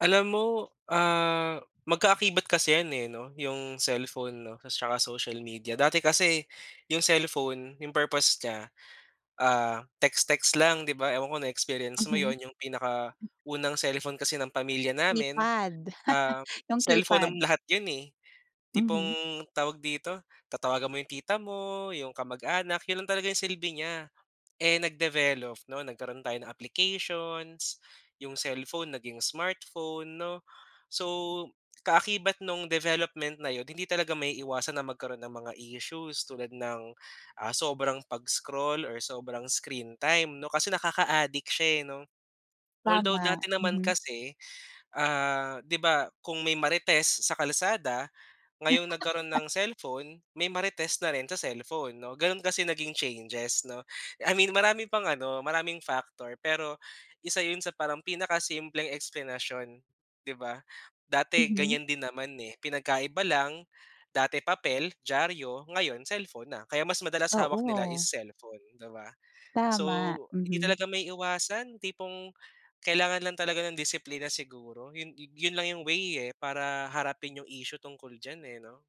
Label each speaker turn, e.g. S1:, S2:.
S1: Alam mo, ah, magka-akibat kasi yan eh 'no. Yung cellphone 'no, ta's tsaka social media. Dati kasi, yung cellphone yung purpose niya, ah, text-text lang 'di ba. Ewan ko na-experience mo
S2: Mhm.
S1: yun. Yung pinaka-unang cellphone kasi ng pamilya namin,
S2: Keypad.
S1: ah,
S2: Yung
S1: cellphone ng
S2: keypad.
S1: lahat yun eh.
S2: Mhm.
S1: Tipong, tawag dito, tatawagan mo 'yong tita mo, 'yong kamag-anak, yun lang talaga yung silbi niya. Eh nag-develop 'no, nagkaroon tayo ng applications. Yung cellphone naging smartphone 'no. So kaakibat nung development na 'yon, hindi talaga maiiwasan na magkaroon ng mga issues tulad ng, ah sobrang pag-scroll or sobrang screen time 'no, kasi nakaka-adik siya eh, 'no. Although
S2: Tama.
S1: dati naman
S2: Mhm.
S1: kasi, ah 'di ba kung may marites sa kalsada, ngayong nagkaroon ng cellphone, may marites na rin sa cellphone 'no. Gano'n kasi naging changes 'no. I mean marami pang ano, maraming factor. Pero isa 'yon sa parang pinaka-simpleng eksplenasyon, 'di ba. Dati
S2: Mhm.
S1: ganiyan din naman eh. Pinagkaiba lang, dati papel, dyaryo, ngayon cellphone na. Kaya mas madalas hawak nila is
S2: Oo.
S1: cellphone, 'di ba. So
S2: Tama,
S1: hindi
S2: mhm.
S1: talaga maiiwasan, tipong kailangan lang talaga ng disiplina siguro. Yun yu yun lang yung way eh para harapin yung issue tungkol diyan eh 'no.